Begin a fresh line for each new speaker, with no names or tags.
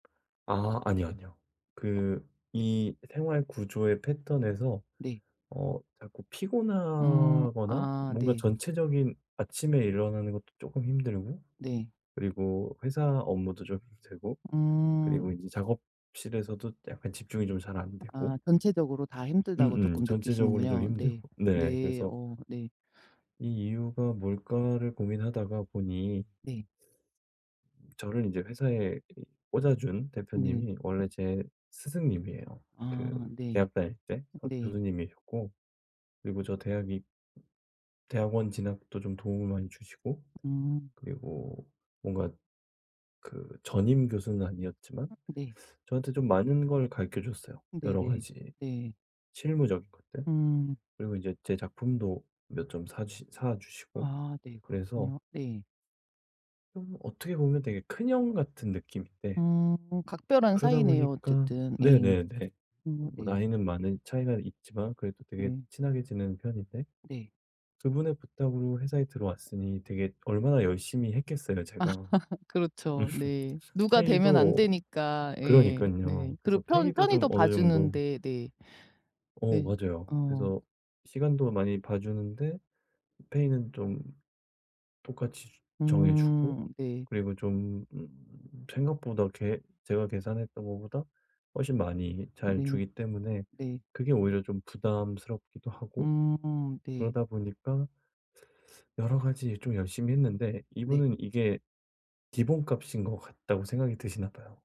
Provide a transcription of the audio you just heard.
아. 아니요, 아니요. 그 이 생활 구조의 패턴에서
네.
어 자꾸
음.
피곤하거나
아.
뭔가
네.
전체적인 아침에 일어나는 것도 쪼끔 힘들고
네.
그리고 회사 업무도 좀 힘들고 그리고
음.
이제 작업실에서도 약간 집중이 좀 잘 안 되고
아. 전체적으로 다 힘들다고
음음.
쪼끔
전체적으로 좀
느끼시는군요. 네.
힘들고. 네
네.
그래서
어. 네.
'이 이유가 뭘까?'를 고민하다가 보니
네.
저를 인제 회사에 이 꽂아준
네.
대표님이 원래 제 스승님이에요. 그
아 네.
대학 다닐 때 과
네.
교수님이셨고 그리고 저 대학이 대학원 진학도 좀 도움을 많이 주시고
음.
그리고 뭔가 그 전임 교수는 아니었지만
아 네.
저한테 좀 많은 걸 가르쳐 주셨어요 여러
네네.
가지
네.
실무적인 것들.
음.
그리고 인제 제 작품도 몇 점 사시 사 주시고.
아. 네.
그래서
그렇군요. 네.
음 어떻게 보면 되게 큰 형 같은 느낌인데
음. 각별한
그러다
사이네요
보니까
어쨌든. 예.
네네네.
음
뭐
네.
나이는 많은 차이가 있지만 그래도 되게
네.
친하게 지내는 편인데
네.
그분의 부탁으로 회사에 들어왔으니 되게 얼마나 열심히 했겠어요
아.
제가.
그렇죠. 네. 누가 되면 안
페이도
되니까. 예. 네.
그러니깐요. 그래서
그리고 편
페이도 좀
편의도
어느 정도
봐주는데. 네.
어
네.
맞아요.
어.
그래서 시간도 많이 봐주는데 페이는 좀 똑같이 정해주고
음. 네.
그리고 좀 음 생각보다 계 제가 계산했던 것보다 훨씬 많이 잘
네.
주기 때문에
네.
그게 오히려 좀 부담스럽기도 하고
음. 네.
그러다 보니까 여러 가지 좀 열심히 했는데
네.
이분은 이게 기본값인 것 같다고 생각이 드시나 봐요.